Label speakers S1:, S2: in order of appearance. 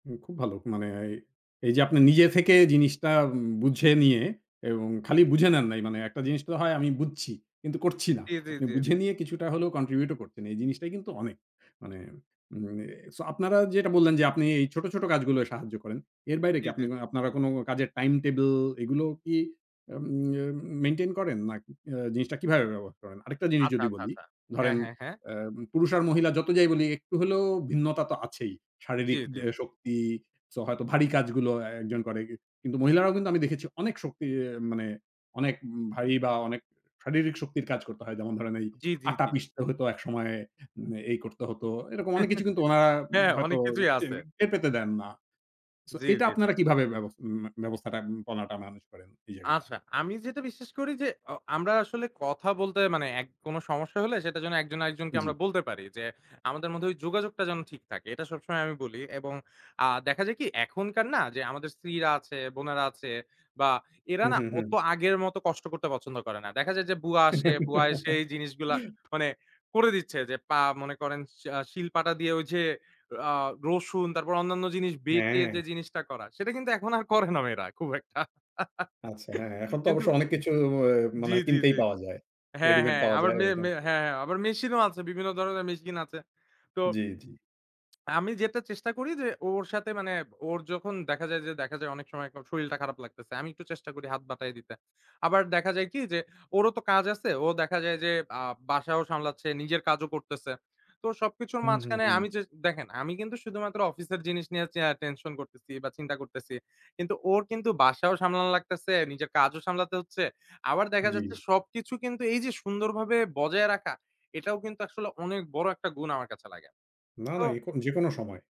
S1: হুম, খুব ভালো। মানে এই, এই যে, আপনি নিজে থেকে জিনিসটা বুঝে নিয়ে এবং খালি বুঝে নেন নাই। মানে একটা জিনিসটা হয় আমি বুঝছি। কিন্তু করছি না।
S2: জি, জি,
S1: আপনি
S2: জি,
S1: বুঝে
S2: জি।
S1: নিয়ে কিছুটা হলেও কন্ট্রিবিউট করছেন। এই জিনিসটাই কিন্তু অনেক। মানে, মানে, সো আপনারা যেটা বললেন যে, আপনি এই ছোট, ছোট, কাজগুলো সাহায্য করেন। এর বাইরে
S2: জি,
S1: আপনি
S2: জি,
S1: কি
S2: জি।
S1: আপনারা কোন কাজের টাইম টেবল এগুলো কি উম মেইনটেইন করেন নাকি জিনিসটা কিভাবে ব্যবহার করেন? আরেকটা জিনিস
S2: আচ্ছা,
S1: যদি
S2: আচ্ছা,
S1: বলি,
S2: আচ্ছা। হ্যাঁ,
S1: ধরেন
S2: হ্যাঁ, হ্যাঁ।
S1: অ্যা পুরুষ আর মহিলা যত যাই বলি একটু হলেও ভিন্নতা তো আছেই।
S2: জি,
S1: শারীরিক
S2: জি।
S1: দে শক্তি সো হয়তো ভারী কাজগুলো একজন করে কি কিন্তু মহিলারাও কিন্তু আমি দেখেছি অনেক শক্তি মানে অনেক ভারী বা অনেক শারীরিক শক্তির কাজ করতে হয়। যেমন ধরেন এই
S2: জি, জি,
S1: আটা
S2: জি।
S1: পিষতে হতো একসময়ে এই করতে হতো। এরকম অনেক কিছু কিন্তু ওনারা
S2: হ্যাঁ,
S1: হয়তো
S2: অনেক কিছুই
S1: টের
S2: আছে।
S1: পে পেতে দেন না। সো
S2: জি,
S1: এটা
S2: জি, জি।
S1: আপনারা কিভাবে ব্যবস্থা ব্যবস্থাটা পনাটা মেনেজ করেন এই জায়গাটা।
S2: আচ্ছা। আমি যেটা বিশ্বাস করি যে, অ আমরা আসলে কথা বলতে মানে অ্যা কোন সমস্যা হলে সেটা যে, একজন আরেকজনকে
S1: জ্বি।
S2: আমরা বলতে পারি যে, আমাদের মধ্যে ওই যোগাযোগটা যেন ঠিক থাকে। এটা সবসময় আমি বলি এবং আ দেখা যায় কি এখনকার না যে, আমাদের স্ত্রীরা আছে, বোনেরা আছে বা এরা
S1: হু,
S2: না
S1: হু,
S2: অত
S1: হুম।
S2: আগের মত কষ্ট করতে পছন্দ করে না। দেখা যায় যে, বুয়া আসে, বুয়া এসেই এই জিনিসগুলা মানে করে দিচ্ছে যে, পা মনে করেন সে আস শিল পাটা দিয়ে ওই যে, আ রসুন তারপর অন্যান্য জিনিস বেটে যে,
S1: হ্যাঁ।
S2: জিনিসটা করা সেটা কিন্তু এখন আর করে না মেয়েরা খুব একটা
S1: আচ্ছা, হ্যাঁ, এখন তো
S2: কিন্তু
S1: অবশ্য অনেক কিছু অ
S2: জি,
S1: মানে হয়
S2: জি,
S1: কিনতেই
S2: জি।
S1: পাওয়া যায়।
S2: হ্যাঁ,
S1: রেডিমেড
S2: হ্যাঁ,
S1: পাওয়া
S2: আবাঁ
S1: যায়
S2: মে,
S1: ওইখান
S2: মে
S1: থেকে।
S2: হ্যাঁ, হ্যাঁ, আবারমি মেশিনও আছে বিভিন্ন ধরনের মেশিন আছে তো
S1: জ্বি, জ্বি।
S2: আমি যেটা চেষ্টা করি যে, ওর সাথে মানে ওর যখন দেখা যায় যে, দেখা যায় অনেক সময় ওর শরীরটা খারাপ লাগতেছে। আমি একটু চেষ্টা করি হাত বাটাই দিতে। আবার দেখা যায় কি যে, ওরও তো কাজ আছে ও দেখা যায় যে, আ বাসাও সামলাচ্ছে, নিজের কাজও করতেছে। তো সবকিছুর
S1: হুম, হু,
S2: মাঝখানে
S1: হুম।
S2: আমি য দেখেন আমি কিন্তু শুধুমাত্র অফিসের জিনিস নিয়েছি চেয়া টেনশন করতেছি বা চিন্তা করতেছি। কিন্তু ওর কিন্তু বাসাও সামলানো লাগতেছে, নিজের কাজও সামলাতে হচ্ছে। আবার দেখা যাচ্ছে,
S1: জ্বি।
S2: সবকিছু কিন্তু এই যে, সুন্দরভাবে বজায় রাখা এটাও কিন্তু আসলে অনেক বড় একটা গুণ আমার কাছে লাগে।
S1: না, না।
S2: তো
S1: এ যেকোনো সময়।